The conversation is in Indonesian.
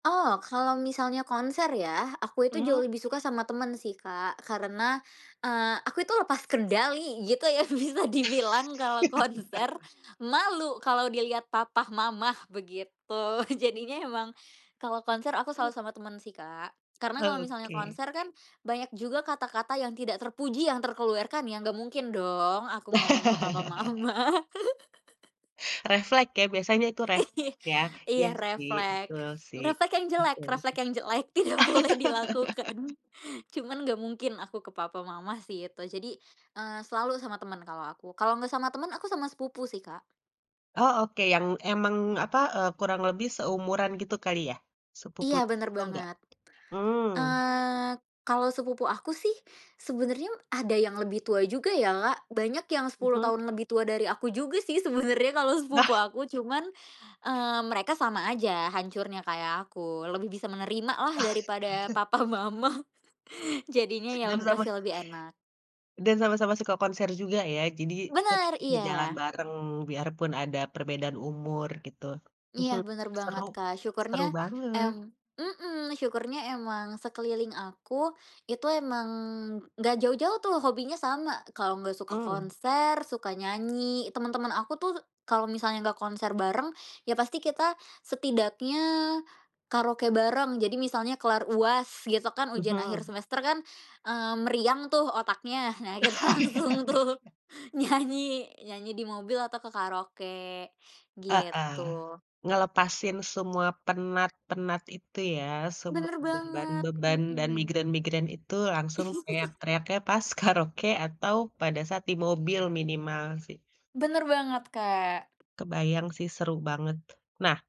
Oh kalau misalnya konser ya aku itu Mmm. jauh lebih suka sama temen sih Kak karena, eee, aku itu lepas kendali gitu ya bisa dibilang kalau konser, malu kalau dilihat papa mama begitu jadinya emang, kalau konser aku selalu sama teman sih Kak, karena kalau misalnya Oke. konser kan banyak juga kata-kata yang tidak terpuji yang terkeluarkan ya gak mungkin dong aku ngomong ke papa mama. Reflek ya biasanya itu reflek ya? Iya Iya sih reflek. betul sih, Reflek yang jelek betul itu. reflek yang jelek tidak boleh dilakukan, cuman gak mungkin aku ke papa mama sih itu jadi, eee, selalu sama temen kalau aku kalau gak sama temen aku sama sepupu sih, Kak. Oh oke yang emang apa, eee, kurang lebih seumuran gitu kali ya? Iya Sepupunya bener atau enggak? banget, Mmm. eee, kalau sepupu aku sih, sebenernya ada yang lebih tua juga ya Kak, banyak yang 10 Mhm. tahun lebih tua dari aku juga sih sebenernya kalau sepupu aku cuman, eee, mereka sama aja hancurnya kayak aku lebih bisa menerima lah daripada papa mama jadinya [unintelligible] ya Dan sama masih lebih enak. dan sama-sama suka konser juga ya jadi, tetap Bener ngejalan iya. bareng biarpun ada perbedaan umur gitu, Iya mhm, bener banget seru, Kak syukurnya, seru banget. em mhm, syukurnya emang sekeliling aku, itu emang gak jauh-jauh tuh hobinya sama kalau gak suka Mmm. konser, suka nyanyi temen-temen aku tuh kalau misalnya nggak konser bareng, ya pasti kita setidaknya karaoke bareng jadi misalnya kelar UAS gitu kan, ujian akhir Mhm. semester kan, eee, meriang tuh otaknya nah kita langsung tuh nyanyi nyanyi di mobil atau ke karaoke, Heeh, gitu. ngelepasin semua penat-penat itu ya, semua Bener banget, beban-beban dan mhm. migrain-migrain itu langsung teriak-teriaknya pas karaoke atau pada saat di mobil minimal sih. Bener banget, Kak. Kebayang sih seru banget, nah